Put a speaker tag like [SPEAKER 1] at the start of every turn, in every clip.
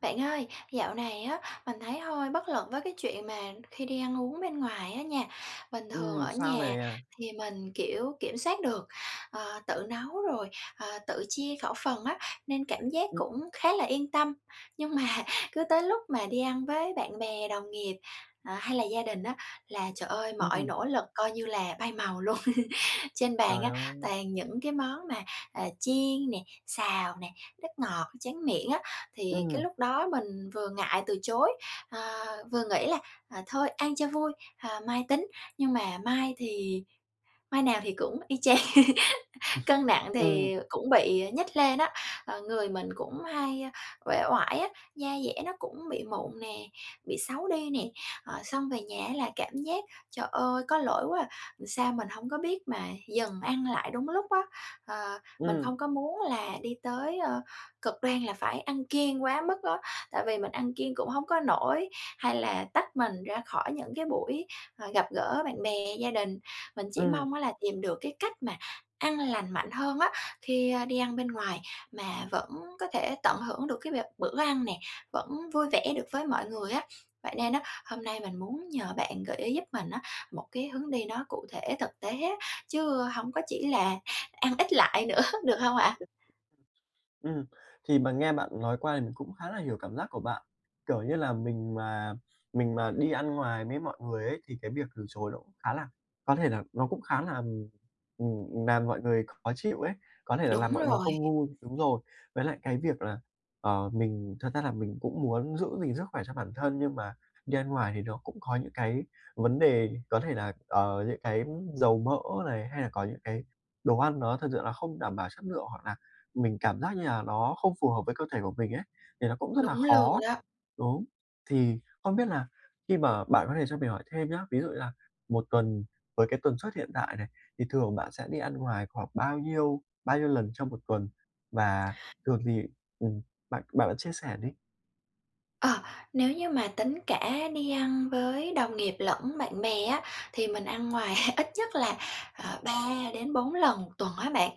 [SPEAKER 1] Bạn ơi, dạo này á mình thấy hơi bất lực với cái chuyện mà khi đi ăn uống bên ngoài á nha. Bình thường
[SPEAKER 2] Ừm,
[SPEAKER 1] ở
[SPEAKER 2] sao
[SPEAKER 1] nhà
[SPEAKER 2] nè?
[SPEAKER 1] thì mình, kiểu, kiểm soát được, ờ, tự nấu, rồi, ờ, tự chia khẩu phần á, nên cảm giác cũng khá là yên tâm, nhưng mà cứ tới lúc mà đi ăn với bạn bè, đồng nghiệp, ờ, hay là gia đình á là, trời ơi, mọi
[SPEAKER 2] Ừm.
[SPEAKER 1] nỗ lực coi như là bay màu luôn. Trên bàn
[SPEAKER 2] Trời
[SPEAKER 1] á
[SPEAKER 2] ơi!
[SPEAKER 1] toàn những cái món mà, ờ, chiên nè, xào nè, nước ngọt, tráng miệng á, thì cái
[SPEAKER 2] Ừm.
[SPEAKER 1] lúc đó mình vừa ngại từ chối, ờ, vừa nghĩ là, ờ, "Thôi, ăn cho vui, ờ, mai tính," nhưng mà mai thì mai nào thì cũng y chang. Cân nặng
[SPEAKER 2] Ừm.
[SPEAKER 1] thì cũng bị nhích lên á, ờ, người mình cũng hay uể oải á, da dẻ nó cũng bị mụn nè, bị xấu đi nè, ờ, xong về nhà á là cảm giác "Trời ơi, có lỗi quá à, sao mình hổng có biết mà dừng ăn lại đúng lúc á." Ờ, mình
[SPEAKER 2] Ừm.
[SPEAKER 1] không có muốn là đi tới, ờ, cực đoan là phải ăn kiêng quá mức á, tại vì mình ăn kiêng cũng hông có nổi, hay là tách mình ra khỏi những cái buổi, ờ, gặp gỡ bạn bè, gia đình. Mình chỉ
[SPEAKER 2] Ừm.
[SPEAKER 1] mong á là tìm được cái cách mà ăn lành mạnh hơn á, khi, ơ, đi ăn bên ngoài mà vẫn có thể tận hưởng được cái việc bữa ăn nè, vẫn vui vẻ được với mọi người á. Vậy nên á, hôm nay mình muốn nhờ bạn gợi ý giúp mình á một cái hướng đi nó cụ thể thực tế á, chứ hông có chỉ là ăn ít lại nữa, được hông ạ?
[SPEAKER 2] Ừm, thì mà nghe bạn nói qua thì mình cũng khá là hiểu cảm giác của bạn. Kiểu như là, mình mà mình mà đi ăn ngoài với mọi người ấy thì cái việc từ chối nó cũng khá là có thể là nó cũng khá là, ừm, ừm, làm mọi người khó chịu ấy, có thể là làm
[SPEAKER 1] Đúng
[SPEAKER 2] mọi người
[SPEAKER 1] rồi.
[SPEAKER 2] không vui đúng rồi. Với lại cái việc là, ờ, mình thật ra là mình cũng muốn giữ gìn sức khỏe cho bản thân nhưng mà đi ăn ngoài thì nó cũng có những cái vấn đề có thể là, ờ, những cái dầu mỡ này, hay là có những cái đồ ăn nó thực sự là không đảm bảo chất lượng hoặc là mình cảm giác như là nó không phù hợp với cơ thể của mình ấy, thì nó cũng rất là
[SPEAKER 1] Đúng luôn
[SPEAKER 2] khó
[SPEAKER 1] đó.
[SPEAKER 2] đúng. Thì không biết là khi mà bạn có thể cho mình hỏi thêm nhá, ví dụ như là một tuần, với cái tần suất hiện tại này, thì thường bạn sẽ đi ăn ngoài khoảng bao nhiêu bao nhiêu lần trong một tuần và thường thì ừm, bạn bạn bạn chia sẻ đi.
[SPEAKER 1] Ờ, nếu như mà tính cả đi ăn với đồng nghiệp lẫn bạn bè á, thì mình ăn ngoài ít nhất là, ờ, 3-4 lần một tuần á bạn.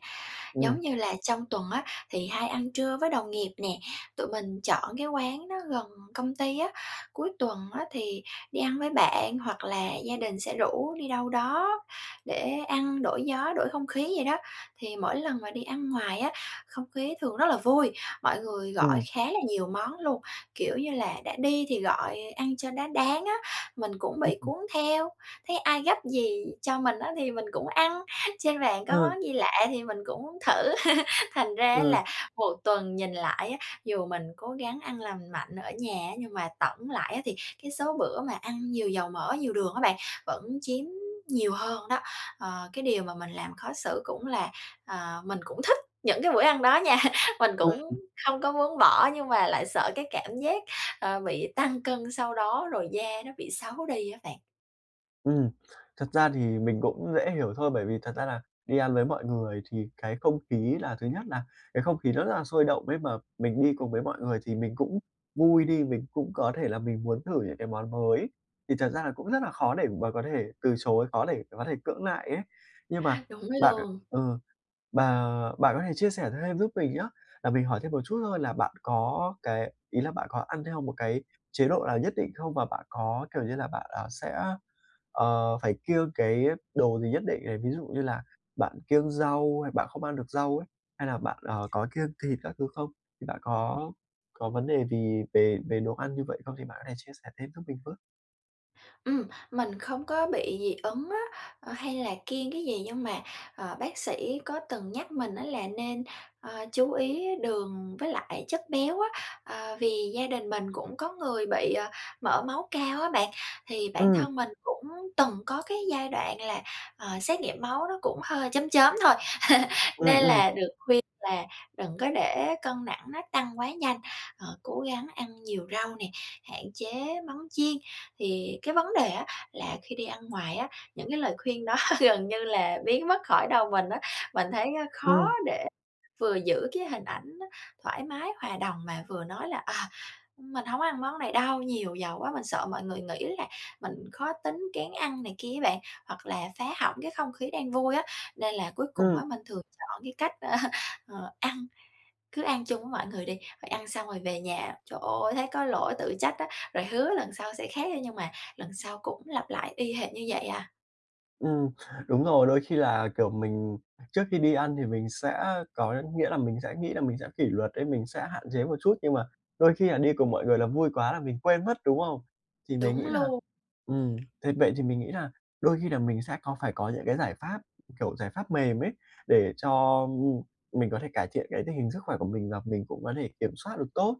[SPEAKER 2] Ừm.
[SPEAKER 1] Giống như là trong tuần á thì hay ăn trưa với đồng nghiệp nè, tụi mình chọn cái quán đó gần công ty á, cuối tuần á thì đi ăn với bạn hoặc là gia đình sẽ rủ đi đâu đó để ăn đổi gió, đổi không khí vậy đó. Thì mỗi lần mà đi ăn ngoài á, không khí thường rất là vui, mọi người gọi
[SPEAKER 2] Ừm.
[SPEAKER 1] khá là nhiều món luôn, kiểu như là, đã đi thì gọi ăn cho nó đáng á. Mình cũng bị
[SPEAKER 2] [unintelligible]
[SPEAKER 1] cuốn theo, thấy ai gắp gì cho mình á thì mình cũng ăn, trên bàn có
[SPEAKER 2] Ờ.
[SPEAKER 1] món gì lạ thì mình cũng muốn thử. Thành
[SPEAKER 2] Ờ.
[SPEAKER 1] ra là một tuần nhìn lại á, dù mình cố gắng ăn lành mạnh ở nhà nhưng mà tổng lại á thì cái số bữa mà ăn nhiều dầu mỡ, nhiều đường á bạn vẫn chiếm nhiều hơn đó, ờ. Cái điều mà mình làm khó xử cũng là, ờ, mình cũng thích những cái bữa ăn đó nha. Mình cũng
[SPEAKER 2] [unintelligible]
[SPEAKER 1] không có muốn bỏ nhưng mà lại sợ cái cảm giác, ờ, bị tăng cân sau đó, rồi da nó bị xấu đi đó bạn.
[SPEAKER 2] Ừm, thật ra thì mình cũng dễ hiểu thôi, bởi vì thật ra là đi ăn với mọi người thì cái không khí là thứ nhất là cái không khí nó rất là sôi động ấy mà mình đi cùng với mọi người thì mình cũng vui đi, mình cũng có thể là mình muốn thử những cái món mới, thì thật ra là cũng rất là khó để mà có thể từ chối, khó để có thể cưỡng lại ấy. Nhưng mà
[SPEAKER 1] Đúng
[SPEAKER 2] bạn
[SPEAKER 1] luôn.
[SPEAKER 2] ờ, bà bạn có thể chia sẻ thêm giúp mình nhá, là mình hỏi thêm một chút thôi là bạn có cái ý là bạn có ăn theo một cái chế độ nào nhất định không? Và bạn có, kiểu như là, bạn, ờ, sẽ, ờ, phải kiêng cái đồ gì nhất định này, ví dụ như là bạn kiêng rau hay bạn không ăn được rau ấy, hay là bạn, ờ, có kiêng thịt các thứ không? Thì bạn có có vấn đề gì về về đồ ăn như vậy không? Thì bạn có thể chia sẻ thêm giúp mình với.
[SPEAKER 1] Ừm, mình không có bị dị ứng á, ờ, hay là kiêng cái gì nhưng mà, ờ, bác sĩ có từng nhắc mình á là nên, à, chú ý đường với lại chất béo á, ờ, vì gia đình mình cũng có người bị, ờ, mỡ máu cao á bạn. Thì bản
[SPEAKER 2] Ừm.
[SPEAKER 1] thân mình cũng từng có cái giai đoạn là, ờ, xét nghiệm máu nó cũng hơi chớm chớm thôi
[SPEAKER 2] Ừm,
[SPEAKER 1] nên
[SPEAKER 2] ừm.
[SPEAKER 1] là được khuyên là đừng có để cân nặng nó tăng quá nhanh, ờ, cố gắng ăn nhiều rau nè, hạn chế món chiên, thì cái vấn đề á là khi đi ăn ngoài á, những cái lời khuyên đó gần như là biến mất khỏi đầu mình á. Mình thấy á khó
[SPEAKER 2] Ừm.
[SPEAKER 1] để vừa giữ cái hình ảnh thoải mái, hòa đồng mà vừa nói là "Ờ, mình hổ ng có ăn món này đâu, nhiều dầu quá." Mình sợ mọi người nghĩ là mình khó tính, kén ăn này kia á bạn, hoặc là phá hỏng cái không khí đang vui á, nên là cuối cùng á
[SPEAKER 2] Ừm.
[SPEAKER 1] mình thường chọn cái cách, ơ, ờ, ăn, cứ ăn chung với mọi người đi, rồi ăn xong rồi về nhà, trời ơi, thấy có lỗi tự trách á, rồi hứa lần sau sẽ khác á nhưng mà lần sau cũng lặp lại y hệt như vậy à.
[SPEAKER 2] Ừm, đúng rồi, đôi khi là, kiểu, mình trước khi đi ăn thì mình sẽ có nghĩa là, mình sẽ nghĩ là mình sẽ kỷ luật ấy, mình sẽ hạn chế một chút, nhưng mà đôi khi là đi cùng mọi người là vui quá là mình quên mất, đúng không? Thì mình
[SPEAKER 1] Đúng
[SPEAKER 2] nghĩ là,
[SPEAKER 1] luôn.
[SPEAKER 2] ừm, thế vậy thì mình nghĩ là đôi khi là mình sẽ có phải có những cái giải pháp, kiểu, giải pháp mềm ấy để cho, ưm, ưm, mình có thể cải thiện cái tình hình sức khỏe của mình và mình cũng có thể kiểm soát được tốt,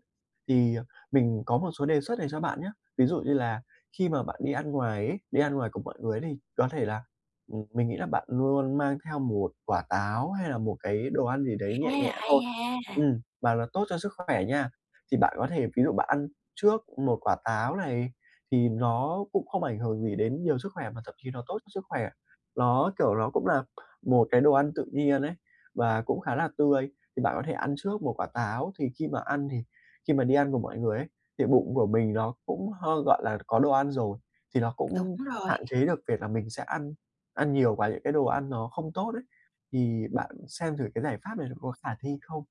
[SPEAKER 2] thì, ờ, mình có một số đề xuất này cho bạn nhá. Ví dụ như là khi mà bạn đi ăn ngoài ấy, đi ăn ngoài cùng mọi người đi có thể là, ừm, mình nghĩ là bạn luôn mang theo 1 quả táo hay là một cái đồ ăn gì đấy nhẹ
[SPEAKER 1] À,
[SPEAKER 2] nhẹ
[SPEAKER 1] hay
[SPEAKER 2] thôi,
[SPEAKER 1] ha!
[SPEAKER 2] ừm, và nó tốt cho sức khỏe nha. Thì bạn có thể, ví dụ bạn ăn trước 1 quả táo này thì nó cũng không ảnh hưởng gì đến nhiều sức khỏe mà thậm chí nó tốt cho sức khỏe. Ló, kiểu, ló cũng là một cái đồ ăn tự nhiên ấy và cũng khá là tươi, thì bạn có thể ăn trước 1 quả táo, thì khi mà ăn thì khi mà đi ăn cùng mọi người ấy thì bụng của mình nó cũng hơi, gọi là, có đồ ăn rồi, thì nó
[SPEAKER 1] Đúng
[SPEAKER 2] cũng
[SPEAKER 1] rồi.
[SPEAKER 2] hạn chế được việc mà mình sẽ ăn ăn nhiều và những cái đồ ăn nó không tốt ấy. Thì bạn xem thử cái giải pháp này nó có khả thi không?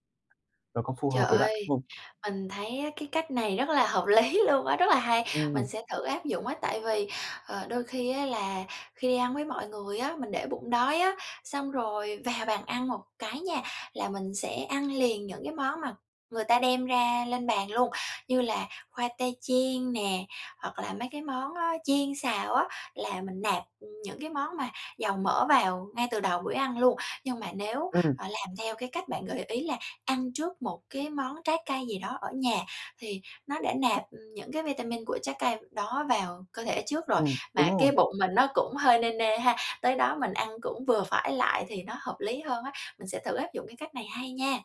[SPEAKER 2] Nó có phù
[SPEAKER 1] Trời
[SPEAKER 2] hợp với bạn
[SPEAKER 1] ơi,
[SPEAKER 2] không?
[SPEAKER 1] mình thấy á cái cách này rất là hợp lý luôn á, rất là hay, mình
[SPEAKER 2] Ừm.
[SPEAKER 1] sẽ thử áp dụng á. Tại vì, ờ, đôi khi á là khi đi ăn với mọi người á mình để bụng đói á, xong rồi vào bàn ăn một cái nha là mình sẽ ăn liền những cái món mà người ta đem ra lên bàn luôn. Như là khoai tây chiên nè hoặc là mấy cái món đó chiên xào á, là mình nạp, ừ, những cái món mà dầu mỡ vào ngay từ đầu buổi ăn luôn. Nhưng mà nếu,
[SPEAKER 2] Ừm.
[SPEAKER 1] ờ, làm theo cái cách bạn gợi ý là ăn trước một cái món trái cây gì đó ở nhà, thì nó đã nạp, ừ, những cái vitamin của trái cây đó vào cơ thể trước rồi,
[SPEAKER 2] Ừm, đúng
[SPEAKER 1] mà cái
[SPEAKER 2] rồi.
[SPEAKER 1] bụng mình nó cũng hơi nê nê ha, tới đó mình ăn cũng vừa phải lại thì nó hợp lý hơn á. Mình sẽ thử áp dụng cái cách này, hay nha.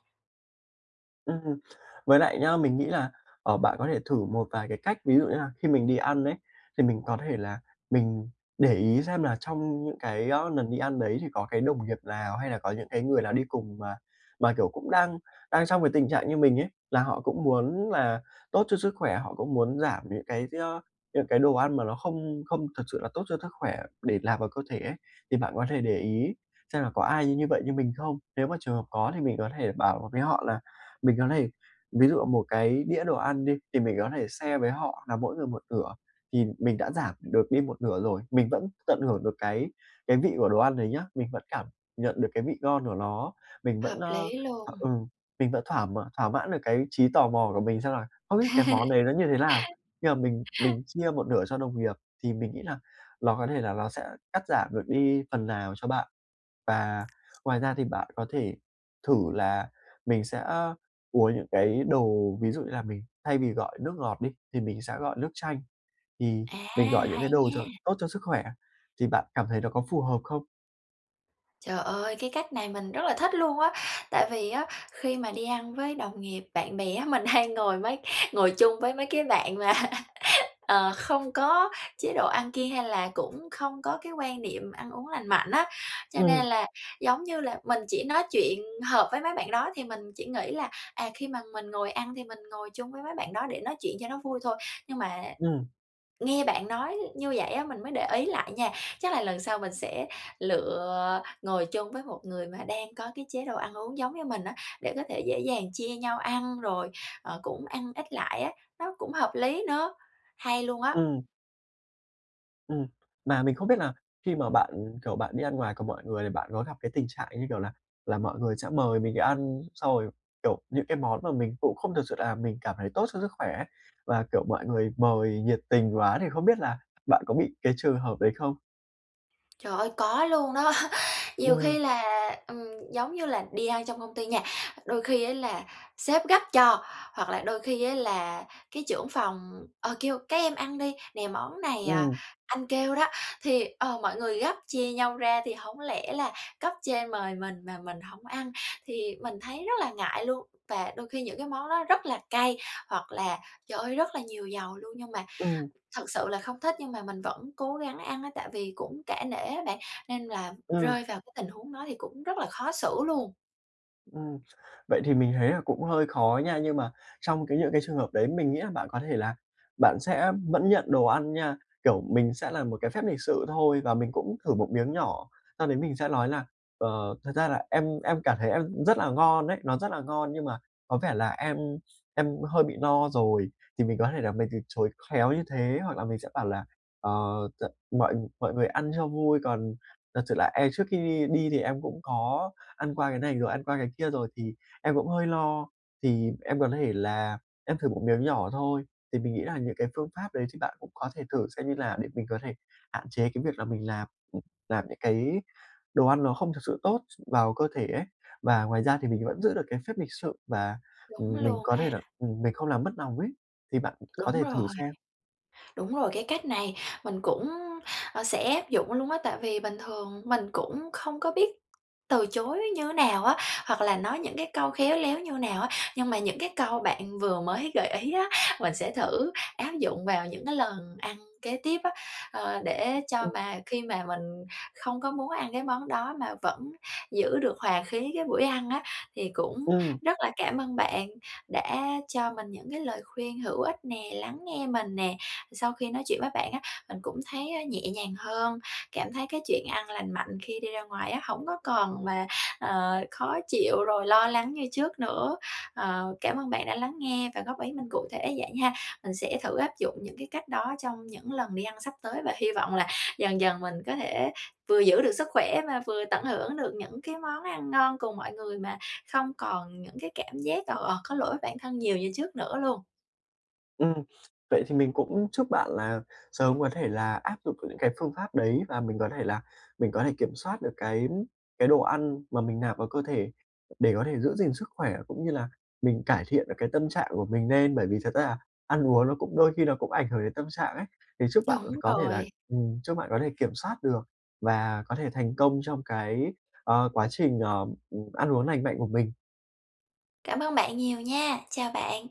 [SPEAKER 2] Ừm, với lại nhá, mình nghĩ là, ờ, bạn có thể thử một vài cái cách. Ví dụ như là khi mình đi ăn ấy, thì mình có thể là mình để ý xem là trong những cái, ơ, nần đi ăn đấy, thì có cái đồng nghiệp lào hay là có những cái người lào đi cùng mà mà, kiểu, cũng đang đang trong cái tình trạng như mình ấy, là họ cũng muốn là tốt cho sức khỏe, họ cũng muốn giảm những cái do những cái đồ ăn mà nó không không thực sự là tốt cho sức khỏe để nạp vào cơ thể ấy. Thì bạn có thể để ý xem là có ai như vậy, như mình không. Nếu mà trường hợp có thì mình có thể bảo với họ là mình có thể ví dụ một cái đĩa đồ ăn đi thì mình có thể share với họ là mỗi người một nửa, thì mình đã giảm được đi một nửa rồi. Mình vẫn tận hưởng được cái cái vị của đồ ăn đấy nhá, mình vẫn cảm nhận được cái vị ngon của nó. Mình vẫn
[SPEAKER 1] Hợp
[SPEAKER 2] a,
[SPEAKER 1] lý
[SPEAKER 2] à,
[SPEAKER 1] luôn!
[SPEAKER 2] ừ, mình vẫn thỏa thỏa mãn được cái trí tò mò của mình, xem là: "Không biết cái món đấy nó như thế nào?" Khi mà mình mình chia một nửa cho đồng nghiệp, thì mình nghĩ là ló có thể là nó sẽ cắt giảm được đi phần nào cho bạn. Và ngoài ra, thì bạn có thể thử là mình sẽ uống những cái đồ ví dụ như là mình thay vì gọi nước ngọt đi thì mình sẽ gọi nước chanh, thì
[SPEAKER 1] À,
[SPEAKER 2] mình gọi những
[SPEAKER 1] hay
[SPEAKER 2] cái đồ cho
[SPEAKER 1] nha!
[SPEAKER 2] tốt cho sức khỏe. Thì bạn cảm thấy nó có phù hợp không?
[SPEAKER 1] Trời ơi, cái cách này mình rất là thích luôn á! Tại vì á khi mà đi ăn với đồng nghiệp, bạn bè á, mình hay ngồi mấy ngồi chung với mấy cái bạn mà, ờ, không có chế độ ăn kiêng, hay là cũng không có cái quan niệm ăn uống lành mạnh á, cho nên
[SPEAKER 2] Ừm.
[SPEAKER 1] là, giống như là, mình chỉ nói chuyện hợp với mấy bạn đó, thì mình chỉ nghĩ là, à, khi mà mình ngồi ăn thì mình ngồi chung với mấy bạn đó để nói chuyện cho nó vui thôi. Nhưng mà
[SPEAKER 2] Ừm.
[SPEAKER 1] nghe bạn nói như vậy á, mình mới để ý lại nha, chắc là lần sau mình sẽ lựa ngồi chung với một người mà đang có cái chế độ ăn uống giống như mình á, để có thể dễ dàng chia nhau ăn, rồi, ờ, cũng ăn ít lại á, nó cũng hợp lý nữa. Hay luôn á!
[SPEAKER 2] Ừm. Ừm, mà mình không biết là khi mà bạn, kiểu, bạn đi ăn ngoài cùng mọi người, thì bạn có gặp cái tình trạng, như kiểu là là, mọi người sẽ mời mình đi ăn, xong rồi, kiểu, những cái món mà mình cũng không thực sự là mình cảm thấy tốt cho sức khỏe ấy và, kiểu, mọi người mời nhiệt tình quá, thì không biết là, bạn có bị cái trường hợp đấy không?
[SPEAKER 1] Trời ơi, có luôn đó! Nhiều khi
[SPEAKER 2] Ừm.
[SPEAKER 1] là, ừm, giống như là, đi ăn trong công ty nha, đôi khi á là sếp gắp cho hoặc là đôi khi á là cái trưởng phòng, ờ, kêu: "Các em ăn đi, nè món này, à,
[SPEAKER 2] Ừm.
[SPEAKER 1] anh kêu đó," thì ờ, mọi người gắp, chia nhau ra thì hổng lẽ là cấp trên mời mình mà mình hổng ăn, thì mình thấy rất là ngại luôn. Và đôi khi những cái món đó rất là cay, hoặc là, trời ơi, rất là nhiều dầu luôn, nhưng mà
[SPEAKER 2] Ừm.
[SPEAKER 1] thực sự là không thích nhưng mà mình vẫn cố gắng ăn á, tại vì cũng cả nể á bạn, nên là
[SPEAKER 2] Ừm.
[SPEAKER 1] rơi vào cái tình huống đó thì cũng rất là khó xử luôn.
[SPEAKER 2] Ừm, vậy thì mình thấy là cũng hơi khó nha, nhưng mà trong cái những cái trường hợp đấy mình nghĩ là bạn có thể là bạn sẽ vẫn nhận đồ ăn nha, kiểu mình sẽ là một cái phép lịch sự thôi, và mình cũng thử một miếng nhỏ sau đấy mình sẽ lói là: "Ờ, thật ra là em em cảm thấy ăn cũng rất là ngon ấy, nó rất là ngon, nhưng mà có vẻ là em em hơi bị no rồi." Thì mình có thể là mình từ chối khéo như thế, hoặc là mình sẽ bảo là: ờ, t "Mọi mọi người ăn cho vui, còn thật sự là em trước khi đi đi thì em cũng có ăn qua cái này rồi, ăn qua cái kia rồi thì em cũng hơi lo, thì em có thể là em thử một miếng nhỏ thôi." Thì mình nghĩ là những cái phương pháp đấy thì bạn cũng có thể thử, xem như là để mình có thể hạn chế cái việc là mình lạp ừm, nạp những cái đồ ăn nó không thực sự tốt s vào cơ thể ấy. Và ngoài ra thì mình vẫn giữ được cái phép lịch sự, và,
[SPEAKER 1] Đúng
[SPEAKER 2] ừm, mình
[SPEAKER 1] luôn
[SPEAKER 2] có
[SPEAKER 1] ha.
[SPEAKER 2] thể là, ừm, mình không làm mất nòng ấy, thì bạn có
[SPEAKER 1] Đúng
[SPEAKER 2] thể thử
[SPEAKER 1] rồi.
[SPEAKER 2] xem.
[SPEAKER 1] Đúng rồi, cái cách này mình cũng, a, sẽ áp dụng luôn á, tại vì bình thường mình cũng không có biết từ chối như thế nào á, hoặc là nói những cái câu khéo léo như nào á, nhưng mà những cái câu bạn vừa mới gợi ý á, mình sẽ thử áp dụng vào những cái lần ăn kế tiếp á, ờ, để cho
[SPEAKER 2] Ừm.
[SPEAKER 1] mà khi mà mình không có muốn ăn cái món đó, mà vẫn giữ được hòa khí cái buổi ăn á. Thì cũng
[SPEAKER 2] Ừm.
[SPEAKER 1] rất là cảm ơn bạn đã cho mình những cái lời khuyên hữu ích nè, lắng nghe mình nè, sau khi nói chuyện với bạn á, mình cũng thấy, a, nhẹ nhàng hơn, cảm thấy cái chuyện ăn lành mạnh khi đi ra ngoài á, hổng có còn mà, ờ, khó chịu rồi lo lắng như trước nữa, ờ, cảm ơn bạn đã lắng nghe và góp ý mình cụ thể vậy ha. Mình sẽ thử áp dụng những cái cách đó trong những lần đi ăn sắp tới, và hy vọng là dần dần mình có thể vừa giữ được sức khỏe, và vừa tận hưởng được những cái món ăn ngon cùng mọi người, mà không còn những cái cảm giác, ờ, ờ, có lỗi với bản thân nhiều như trước nữa luôn.
[SPEAKER 2] Ừm. Vậy thì mình cũng chúc bạn là sớm có thể là áp dụng những cái phương pháp đấy, và mình có thể là mình có thể kiểm soát được cái cái đồ ăn mà mình nạp vào cơ thể, để có thể giữ gìn sức khỏe, cũng như là mình cải thiện được cái tâm trạng của mình nên. Bởi vì thật ra là ăn uống nó cũng đôi khi nó cũng ảnh hưởng đến tâm trạng ấy, thì chúc bạn
[SPEAKER 1] Đúng
[SPEAKER 2] có thể là
[SPEAKER 1] rồi.
[SPEAKER 2] ừm, chúc bạn có thể kiểm soát được và có thể thành công trong cái, ờ, quá trình, ờm, ừm, ăn uống lành mạnh của mình.
[SPEAKER 1] Cảm ơn bạn nhiều nha, chào bạn.